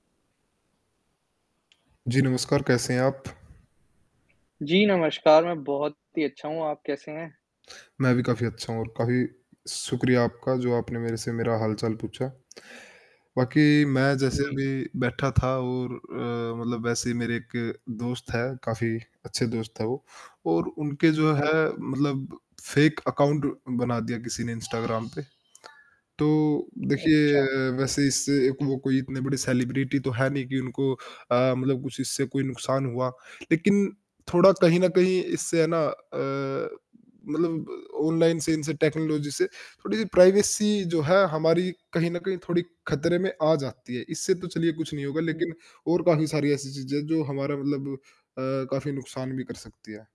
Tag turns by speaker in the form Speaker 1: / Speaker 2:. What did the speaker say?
Speaker 1: जी, नमस्कार, कैसे हैं आप?
Speaker 2: जी, नमस्कार, मैं बहुत ही अच्छा हूँ। आप कैसे हैं?
Speaker 1: मैं भी काफ़ी अच्छा हूँ और काफ़ी शुक्रिया आपका जो आपने मेरे से मेरा हाल-चाल पूछा। बाकी मैं
Speaker 2: उ,
Speaker 1: जैसे
Speaker 2: जी।
Speaker 1: अभी बैठा था और अ, मतलब वैसे ही मेरे एक दोस्त है काफ़ी अच्छे दोस्त है वो। और उनके जो
Speaker 2: हाँ
Speaker 1: है
Speaker 2: जी।
Speaker 1: मतलब फेक अकाउंट बना दिया किसी ने इंस्टाग्राम पे। तो
Speaker 2: अच्छा।
Speaker 1: देखिए वैसे इससे एक वो कोई इतने बड़े सेलिब्रिटी तो है नहीं कि उनको अ, मतलब कुछ इससे कोई नुकसान हुआ। लेकिन थोड़ा कहीं न कहीं इससे है ना अ, मतलब ऑनलाइन से इनसे टेक्नोलॉज़ी से, थोड़ी-सी प्राइवेसी जो है हमारी कहीं न कहीं थोड़ी खतरे में आ जाती है। इससे तो चलिए कुछ नहीं होगा
Speaker 2: हुँ।
Speaker 1: लेकिन और काफ़ी सारी ऐसी चीज़ें हैं जो हमारा मतलब अ, काफ़ी नुकसान भी कर सकती हैं।